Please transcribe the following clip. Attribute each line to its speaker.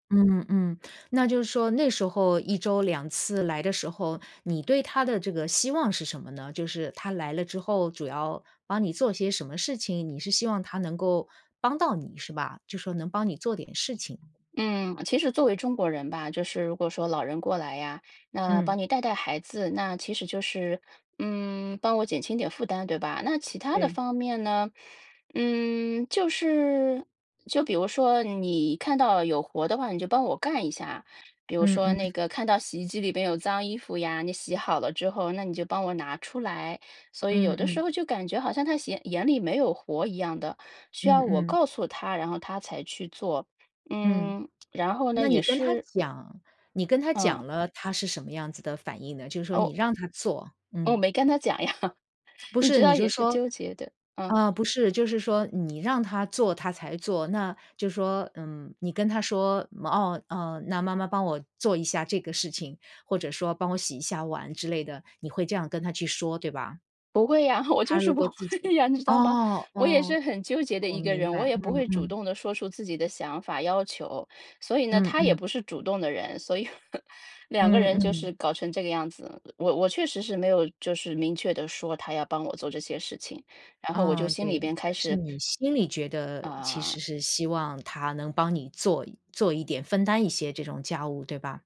Speaker 1: 嗯嗯，那就是说那时候1周2次来的时候，你对她的这个希望是什么呢？就是她来了之后主要帮你做些什么事情，你是希望她能够帮到你是吧，就是说能帮你做点事情。
Speaker 2: 嗯，其实作为中国人吧，就是如果说老人过来呀，那帮
Speaker 1: 嗯。
Speaker 2: 你带带孩子，那其实就是，嗯，帮我减轻点负担，对吧？那其他的
Speaker 1: 对。
Speaker 2: 方面呢？嗯，就是就比如说你看到有活的话，你就帮我干一下，比如
Speaker 1: 嗯
Speaker 2: 说
Speaker 1: 嗯。
Speaker 2: 那个看到洗衣机里边有脏衣服呀，你洗好了之后，那你就帮我拿出来。所以有
Speaker 1: 嗯
Speaker 2: 的时
Speaker 1: 嗯。
Speaker 2: 候就感觉好像她眼眼里没有活一样的，需
Speaker 1: 嗯
Speaker 2: 要我
Speaker 1: 嗯。
Speaker 2: 告诉她，然后她才去做，
Speaker 1: 嗯。
Speaker 2: 嗯。然后呢，
Speaker 1: 那
Speaker 2: 也
Speaker 1: 你跟她
Speaker 2: 是
Speaker 1: 讲你跟她
Speaker 2: 嗯。
Speaker 1: 讲了，她是什么样子的反应呢？就是说
Speaker 2: 哦。
Speaker 1: 你让她做，
Speaker 2: 我
Speaker 1: 嗯。
Speaker 2: 没跟她讲呀，
Speaker 1: 不
Speaker 2: 你
Speaker 1: 是，
Speaker 2: 知
Speaker 1: 你
Speaker 2: 道
Speaker 1: 就
Speaker 2: 也是
Speaker 1: 说
Speaker 2: 纠结的，嗯。
Speaker 1: 呃，不是就是说你让她做她才做，那就是说，嗯，你跟她说，哦，哦，那妈妈帮我做一下这个事情，或者说帮我洗一下碗之类的，你会这样跟她去说，对吧？
Speaker 2: 不会呀我就
Speaker 1: 她
Speaker 2: 是
Speaker 1: 如
Speaker 2: 不
Speaker 1: 果自
Speaker 2: 会
Speaker 1: 己
Speaker 2: 呀，你知道吗？
Speaker 1: 哦，
Speaker 2: 我也是
Speaker 1: 哦，
Speaker 2: 很纠结的
Speaker 1: 我
Speaker 2: 一个
Speaker 1: 明
Speaker 2: 人，我
Speaker 1: 白，
Speaker 2: 也不会
Speaker 1: 嗯，
Speaker 2: 主
Speaker 1: 嗯。
Speaker 2: 动地说出自己的想法要求。所以呢，
Speaker 1: 嗯，
Speaker 2: 她也
Speaker 1: 嗯。
Speaker 2: 不是主动的人，所以 两个
Speaker 1: 嗯，
Speaker 2: 人就
Speaker 1: 嗯。
Speaker 2: 是搞成这个样子，我我确实是没有就是明确地说她要帮我做这些事情，然后我就
Speaker 1: 嗯，
Speaker 2: 心里
Speaker 1: 对，
Speaker 2: 边开
Speaker 1: 但是
Speaker 2: 始
Speaker 1: 你心里觉得其实
Speaker 2: 啊。
Speaker 1: 是希望她能帮你做做一点分担一些这种家务，对吧？